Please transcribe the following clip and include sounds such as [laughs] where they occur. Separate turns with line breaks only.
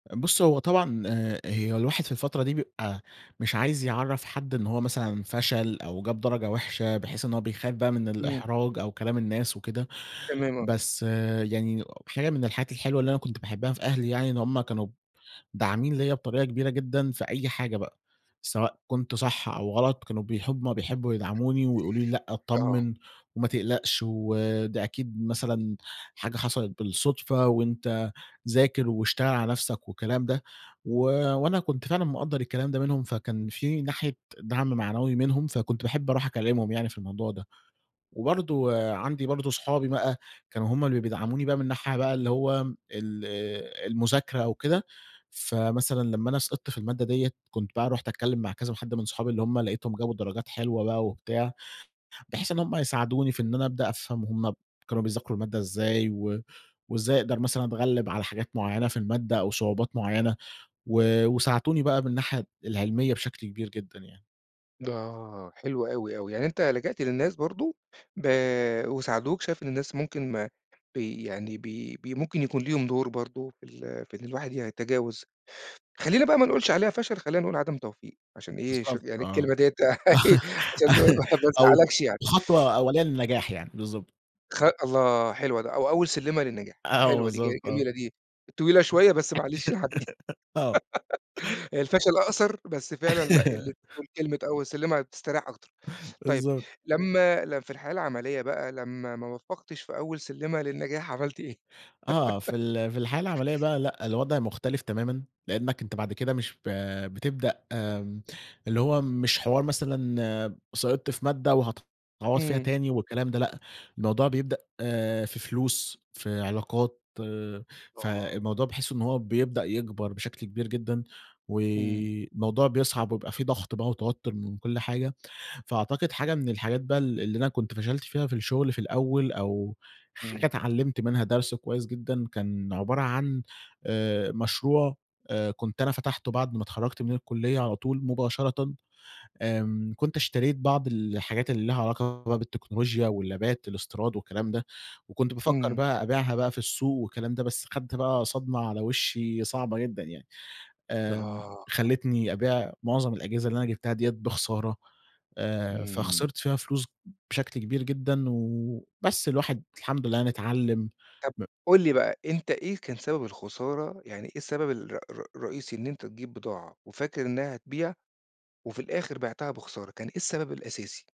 بُصّ هو طبعًا آآ، هي الواحد في الفترة دي بيبقى مش عايز يعَرّف حد إن هو مثلًا فشل أو جاب درجة وحشة بحيث إن هو بيخاف بقى من
إمم.
الإحراج أو كلام الناس وكده،
تمام، آه.
بس يعني حاجة من الحاجات الحلوة اللي أنا كنت باحبها في أهلي يعني إن هُم كانوا داعمين ليَّ بطريقة كبيرة جدًا في أي حاجة بقى، سواء كنت صح أو غلَط، كانوا بيحب هُم بيحبوا يدعَموني ويقولوا لي: "لأ،
آه.
اتطمّن وما تقلقش وده أكيد مثلًا حاجة حصَلِت بالصدفة وأنت ذاكر واشتغل على نفْسك." والكلام ده، و وأنا كنت فعلًا مقدّر الكلام ده منهم، فكان في ناحية دعْم معنوي منهم، فكنت باحب أرُوح أكلّمهم يعني في الموضوع ده. وبرضه عندي برضه أصحابي بقى كانوا هُم اللي بيدعموني بقى من ناحية بقى اللي هو ال المذاكرة أو كده، فمثلًا لمّا أنا سقِطت في المادة دِيّة، كنت بقى رُحت أتكلّم مع كذا حد من صحابي اللي هُم لقيتهم جابوا درجات حلوة بقى وبتاع، بحيث إن هُم يساعدوني في إن أنا أبدأ أفهَم هُم ب كانوا بيذاكروا المادة إزاي و وإزاي أقدَر مثلًا أتغلّب على حاجات معيّنة في المادة أو صعوبات معيّنة و وساعدوني بقى من الناحية العِلمية بشكْل كبير جدًا يعني.
د آه، حلو أوي، أوي. يعني أنت لجأت للناس برضه، ب وساعدوك. شايف إن الناس ممكن ما بي يعني ب ب ممكن يكون ليهم دُور برضه في ال في إن الواحد يتجاوز، خلّينا بقى ما نقولش عليها فشَل، خلّينا نقول عدم توفيق عشان إيه، شوف
بالضبط،
يعني
آه.
الكلمة دِيّة [laughs] عشان ما
[giggles]
ما
أو
تزعّلكش يعني.
خطوة أوّلية
[unintelligible]
للنجاح يعني. بالضبط.
خ الله! حلوة د أو أول سِلّمة للنجاح،
أ آه
حلوة دي، ج
بالضبط، آه.
جميلة دي، طويلة
[giggles]
شوية بس معلش هنعدّي.
آه.
[giggles] الفشل أقصَر بس فعلًا لأ، لمّا
[laughs]
تقول كلمة أول سِلّمة هتستريّح أكتر. طيب
بالضبط.
لمّا ل في الحياة العَملية بقى لمّا ما وفّقتش في أول سِلّمة للنجاح عمَلت إيه؟
آه، في
[giggles]
ال في الحياة العمَلية بقى، لأ، الوضع مختلِف تمامًا، لأنك أنت بعد كده مش ب بتبدأ آمم، اللي هو مش حوار مثلًا سقِطت في مادة و هتعوّض فيها
إمم.
تاني والكلام ده، لأ، الموضوع بيبدأ في فلوس، في علاقات،
آه.
فالموضوع باحس إن هو بيبدأ يكبَر بشكْل كبير جدًا
إمم.
والموضوع بيصعَب ويبقى في ضغْط بقى وتوتُّر من كل حاجة. فأعتقد حاجة من الحاجات بقى ال اللي أنا كنت فشَلت فيها في الشغل في الأول أو حاجة
إمم.
اتعلّمت منها درس كويس جدًا كان عبارة عن آآ، مشروع آآ كنت أنا فتَحته بَعد ما اتخرّجت من الكُلية على طول مباشرةً، آمم، كنت اشتريت بعض الحاجات اللي ليها علاقة بالتكنولوجيا واللابات الإستيراد والكلام ده، وكنت بافَكّر
إمم.
بقى أبيعها بقى في السوق والكلام ده، بس خَدت بقى صدمة على وشّي صعبة جدًا يعني. آمم،
آه.
خلّتني أبيع معظم الأجهزة اللي أنا جبتها دِيّة بخسارة، آآ،
إمم.
فخسِرت فيها فلوس بشكل كبير جدًا و بس، الواحد الحمد لله يعني اتعلّم،
طَب
ب
قُل لي بقى، أنت إيه كان سبب الخسارة؟ يعني إيه السبب الر ر رئيسي إن أنت تجيب بضاعة وفاكر إنها هتبيع وفي الآخر بيعتها بخسارة، كان إيه السبب الأساسي؟